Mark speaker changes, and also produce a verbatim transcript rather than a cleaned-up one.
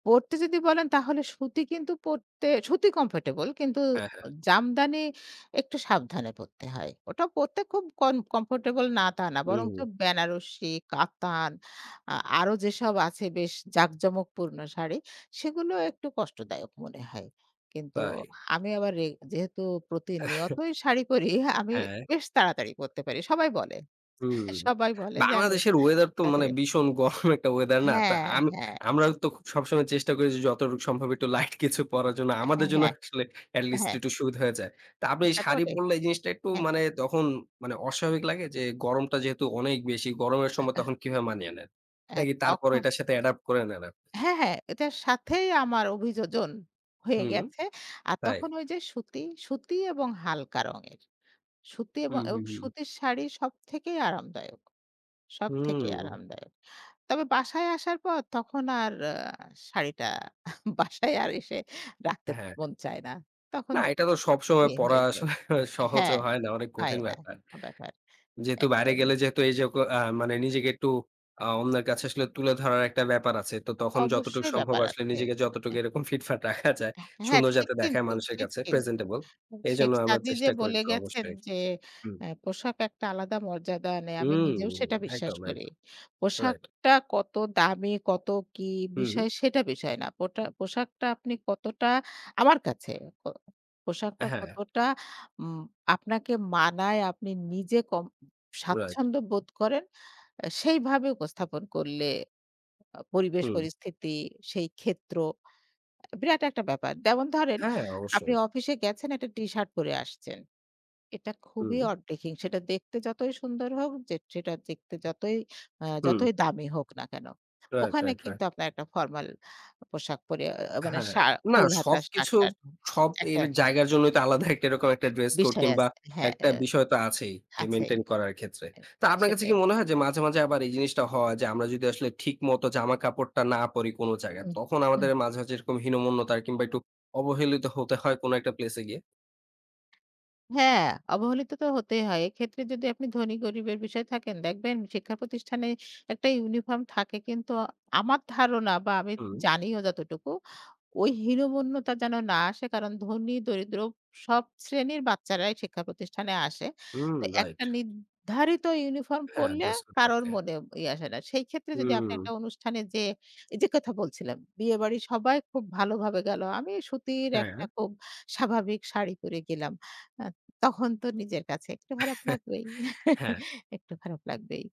Speaker 1: পড়তে যদি বলেন তাহলে সুতি কিন্তু পড়তে সুতি কমফোর্টেবল কিন্তু
Speaker 2: হ্যাঁ, হ্যাঁ।
Speaker 1: জামদানি একটু সাবধানে পড়তে হয় ওটা পড়তে খুব কন কমফোর্টেবল না তা না, বরঞ্চ
Speaker 2: হুম।
Speaker 1: বেনারসী, কাতান আ আরও যেসব আছে বেশ জাঁকজমকপূর্ণ শাড়ি সেগুলো একটু কষ্টদায়ক মনে হয়। কিন্তু
Speaker 2: তাই।
Speaker 1: আমি আবার রেগ যেহেতু প্রতিনিয়তই শাড়ি পরি আমি
Speaker 2: হ্যাঁ।
Speaker 1: বেশ তাড়াতাড়ি পরতে পারি সবাই বলে,
Speaker 2: হুম,
Speaker 1: সবাই বলে যে আমি
Speaker 2: বাংলাদেশের ওয়েদার
Speaker 1: খুব
Speaker 2: তো মানে
Speaker 1: তাড়াতাড়ি
Speaker 2: ভীষণ গরম একটা ওয়েদার না। তা
Speaker 1: হ্যাঁ,
Speaker 2: আমি
Speaker 1: হ্যাঁ।
Speaker 2: আমরা তো সবসময় চেষ্টা করেছি যতটুক সম্ভব একটু লাইট কিছু পড়ার জন্য।
Speaker 1: হ্যাঁ,
Speaker 2: আমাদের জন্য
Speaker 1: হ্যাঁ।
Speaker 2: আসলে এটলিস্ট
Speaker 1: হ্যাঁ।
Speaker 2: একটু সুবিধা হয়ে যায়। তো আপনি এই শাড়ি
Speaker 1: [unintelligible]
Speaker 2: পড়লে এই জিনিসটা একটু
Speaker 1: হ্যাঁ।
Speaker 2: মানে তখন মানে অস্বাভাবিক লাগে যে গরমটা যেহেতু অনেক বেশি গরমের সময়
Speaker 1: [unintelligible]
Speaker 2: তখন কিভাবে মানিয়ে নেন?
Speaker 1: হ্যাঁ
Speaker 2: নাকি
Speaker 1: তখ
Speaker 2: তারপরেও এটার সাথে অ্যাডপ্ট করে নেন আপনি?
Speaker 1: হ্যাঁ, হ্যাঁ এটার সাথেই আমার অভিযোজন হয়ে
Speaker 2: হুম,
Speaker 1: গেছে। আর
Speaker 2: তাই।
Speaker 1: তখন ওই যে সুতি, সুতি এবং হালকা রঙের। সুতি এব
Speaker 2: হুম, হুম,
Speaker 1: এবং
Speaker 2: হুম।
Speaker 1: সুতির শাড়ি সব থেকেই আরামদায়ক, সব থেকেই
Speaker 2: হুম।
Speaker 1: আরামদায়ক। তবে বাসায় আসার পর তখন আর আ শাড়িটা বাসায় আর এসে রাখতে
Speaker 2: হ্যাঁ।
Speaker 1: মন চায় না। তখন
Speaker 2: না এটা তো সবসময়
Speaker 1: ইয়ে
Speaker 2: পড়া
Speaker 1: হয়ে যায়
Speaker 2: আসলে সহজও
Speaker 1: হ্যাঁ
Speaker 2: হয় না। অনেক
Speaker 1: হয়
Speaker 2: কঠিন
Speaker 1: না
Speaker 2: ব্যাপার।
Speaker 1: ব্যাপার
Speaker 2: যেহেতু বাইরে গেলে
Speaker 1: একদমই।
Speaker 2: যেহেতু এই যে অ্যা মানে নিজেকে একটু অ্যা অন্যের কাছে আসলে তুলে ধরার একটা ব্যাপার আছে। তো তখন যতটুকু
Speaker 1: অবশ্যই
Speaker 2: সম্ভব
Speaker 1: ব্যাপার
Speaker 2: আসলে
Speaker 1: আছে,
Speaker 2: নিজেকে যতটুকু
Speaker 1: হ্যাঁ।
Speaker 2: এরকম ফিটফাট রাখা যায়
Speaker 1: হ্যাঁ,
Speaker 2: সুন্দর
Speaker 1: ঠিক
Speaker 2: যাতে দেখায়
Speaker 1: কিন্তু,
Speaker 2: মানুষের
Speaker 1: ঠিক
Speaker 2: কাছে
Speaker 1: কিন্তু।
Speaker 2: প্রেজেন্টেবল।
Speaker 1: এ শেখ
Speaker 2: এইজন্য আমরা
Speaker 1: সাদি যে
Speaker 2: চেষ্টা করি
Speaker 1: বলে
Speaker 2: একটু
Speaker 1: গেছেন
Speaker 2: অবশ্যই।
Speaker 1: যে
Speaker 2: হুম।
Speaker 1: অ্যা পোশাক একটা আলাদা মর্যাদা নেই। আমি
Speaker 2: হুম,
Speaker 1: নিজেও সেটা বিশ্বাস
Speaker 2: একদম,
Speaker 1: করি।
Speaker 2: একদম রাইট।
Speaker 1: পোশাকটা কত দামি, কত কী
Speaker 2: হুম।
Speaker 1: বিষয় সেটা বিষয় না। পোটা পোশাকটা আপনি কতটা আমার কাছে। ক পোশাকটা
Speaker 2: হ্যাঁ।
Speaker 1: কতটা উম আপনাকে মানায় আপনি নিজে ক
Speaker 2: রাইট।
Speaker 1: স্বাচ্ছন্দ্য বোধ করেন আ সেইভাবে উপস্থাপন করলে আ পরিবেশ
Speaker 2: হুম।
Speaker 1: পরিস্থিতি সেই ক্ষেত্র আ বিরাট একটা ব্যাপার। যেমন ধরেন
Speaker 2: হ্যাঁ,
Speaker 1: আপনি
Speaker 2: অবশ্যই।
Speaker 1: অফিসে গেছেন, একটা টি-শার্ট পরে আসছেন। এটা খুবই
Speaker 2: হুম।
Speaker 1: অড ডেহিং সেটা দেখতে যতই সুন্দর হোক, যে যেটা দেখতে যতই অ্যা
Speaker 2: হুম।
Speaker 1: যতই দামি হোক না কেনো।
Speaker 2: রাইট,
Speaker 1: ওখানে
Speaker 2: রাইট, রাইট।
Speaker 1: কিন্তু আপনার একটা ফরমাল পোশাক পরে অ্যা মানে
Speaker 2: হ্যাঁ।
Speaker 1: শা
Speaker 2: না
Speaker 1: ফুল হাতা
Speaker 2: সবকিছু
Speaker 1: শার্ট-টার্ট
Speaker 2: সব
Speaker 1: একটা
Speaker 2: এর জায়গার জন্যই তো আলাদা একটা এরকম একটা ড্রেস কোড
Speaker 1: বিষয়
Speaker 2: কিংবা
Speaker 1: আছে। হ্যাঁ
Speaker 2: একটা
Speaker 1: অ্যা
Speaker 2: বিষয় তো আছেই যে
Speaker 1: আছেই।
Speaker 2: মেইনটেইন করার ক্ষেত্রে।
Speaker 1: এ
Speaker 2: তো আপনার কাছে কি
Speaker 1: সেটাই।
Speaker 2: মনে হয় যে মাঝে, মাঝে আবার এই জিনিসটা হয় যে আমরা যদি আসলে ঠিক মতো জামা কাপড়টা না পড়ি কোনো জায়গায়,
Speaker 1: হুম।
Speaker 2: তখন
Speaker 1: হুম।
Speaker 2: আমাদের মাঝে, মাঝে এরকম হীনমন্যতার কিংবা একটু অবহেলিত হতে হয় কোনো একটা প্লেস এ গিয়ে?
Speaker 1: হ্যাঁ অবহেলিত তো হতেই হয়। এক্ষেত্রে যদি আপনি ধনী-গরিবের বিষয় থাকেন দেখবেন শিক্ষা প্রতিষ্ঠানে একটা ইউনিফর্ম থাকে কিন্তু আমার ধারণা বা আমি
Speaker 2: হুম।
Speaker 1: জানিও যতটুকু ওই হীনমন্যতা যেন না আসে কারণ ধনী-দরিদ্র সব শ্রেণীর বাচ্চারাই শিক্ষা প্রতিষ্ঠানে আসে।
Speaker 2: হুম
Speaker 1: তো
Speaker 2: রাইট।
Speaker 1: একটা নির্ধারিত ইউনিফর্ম
Speaker 2: হ্যাঁ,
Speaker 1: পড়লে
Speaker 2: ড্রেস কোড
Speaker 1: কারো
Speaker 2: থাকে।
Speaker 1: মনে ইয়ে আসে না। সেই ক্ষেত্রে যদি আপনি একটা
Speaker 2: হুম।
Speaker 1: অনুষ্ঠানে যেয়ে, এই যে কথা বলছিলাম, বিয়েবাড়ির সবাই খুব ভালোভাবে গেল। আমি সুতির একটা
Speaker 2: হ্যাঁ।
Speaker 1: খুব স্বাভাবিক শাড়ি পরে গেলাম। অ্যা তখন তো নিজের কাছে একটু খারাপ লাগবেই।
Speaker 2: হ্যাঁ।
Speaker 1: একটু খারাপ লাগবেই।